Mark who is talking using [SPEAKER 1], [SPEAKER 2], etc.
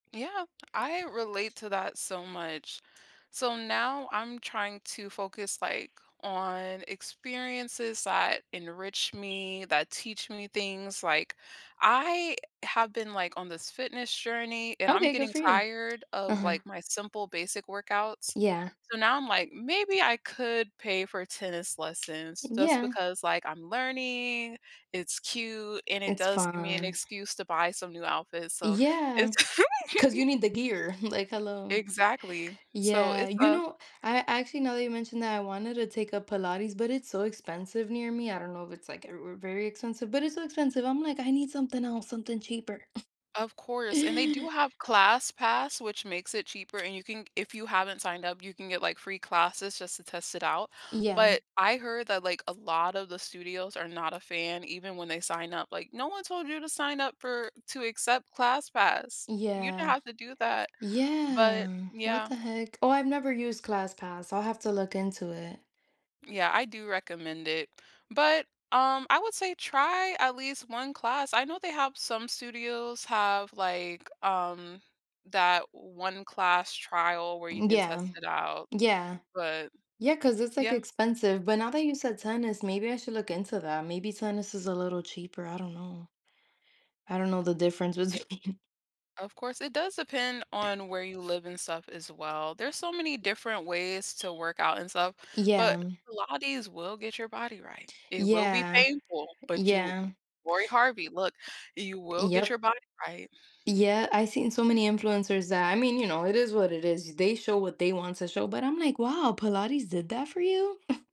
[SPEAKER 1] Yeah, I relate to that so much. So now I'm trying to focus, like, on experiences that enrich me, that teach me things, like, I have been, like, on this fitness journey, and I'm
[SPEAKER 2] Okay, good
[SPEAKER 1] getting
[SPEAKER 2] for you.
[SPEAKER 1] tired of,
[SPEAKER 2] Uh-huh.
[SPEAKER 1] like, my simple basic workouts.
[SPEAKER 2] Yeah.
[SPEAKER 1] So now, I'm like, "Maybe I could pay for tennis
[SPEAKER 2] E
[SPEAKER 1] lessons just
[SPEAKER 2] yeah.
[SPEAKER 1] because, like, I'm learning, it's cute and it
[SPEAKER 2] It's
[SPEAKER 1] does give me an
[SPEAKER 2] fine.
[SPEAKER 1] excuse to buy some new outfits," so
[SPEAKER 2] Yeah,
[SPEAKER 1] it's
[SPEAKER 2] 'cause you need the gear, like, "Hello."
[SPEAKER 1] Exactly. So
[SPEAKER 2] Yeah,
[SPEAKER 1] it's
[SPEAKER 2] you
[SPEAKER 1] a
[SPEAKER 2] know, I actually- now that you mentioned that- I wanted to take a Pilates, but it's so expensive near me. I don't know if it's like, uh, v very expensive, but it's so expensive. I'm like, "I need something else, something cheaper."
[SPEAKER 1] Of course, and they do have ClassPass, which makes it cheaper, and you can, if you haven't signed up, you can get, like, free classes just to test it out,
[SPEAKER 2] Yeah.
[SPEAKER 1] but I heard that, like, a lot of the studios are not a fan even when they sign up. Like, "No one told you to sign up for to accept ClassPass. You didn't
[SPEAKER 2] Yeah,
[SPEAKER 1] have to do that." But
[SPEAKER 2] yeah, what
[SPEAKER 1] yeah.
[SPEAKER 2] the heck? Oh, I've never used ClassPass. I'll have to look into it.
[SPEAKER 1] Yeah, I do recommend it, but, um, I would say try at least 1 class. I know they have some studios have, like, um, that one-class trial where you
[SPEAKER 2] M
[SPEAKER 1] can
[SPEAKER 2] yeah,
[SPEAKER 1] test it out,
[SPEAKER 2] yeah.
[SPEAKER 1] but
[SPEAKER 2] Yeah, 'cause it's like
[SPEAKER 1] yeah.
[SPEAKER 2] expensive, but now that you said tennis, maybe I should look into that. Maybe tennis is a little cheaper, I don't know. I don't know the difference
[SPEAKER 1] Ye
[SPEAKER 2] between
[SPEAKER 1] of course, it does depend on where you live and stuff, as well. There's so many different ways to work out and stuff, but
[SPEAKER 2] Yeah.
[SPEAKER 1] Pilates will get your body right. It will be
[SPEAKER 2] Yeah.
[SPEAKER 1] painful, but you
[SPEAKER 2] Yeah.
[SPEAKER 1] Laurie Harvey, look, you will get
[SPEAKER 2] Yep.
[SPEAKER 1] your body right.
[SPEAKER 2] Yeah, I've seen so many influencers that I mean, you know, it is what it is. They show what they want to show, but I'm like, "Wow, Pilates did that for you?"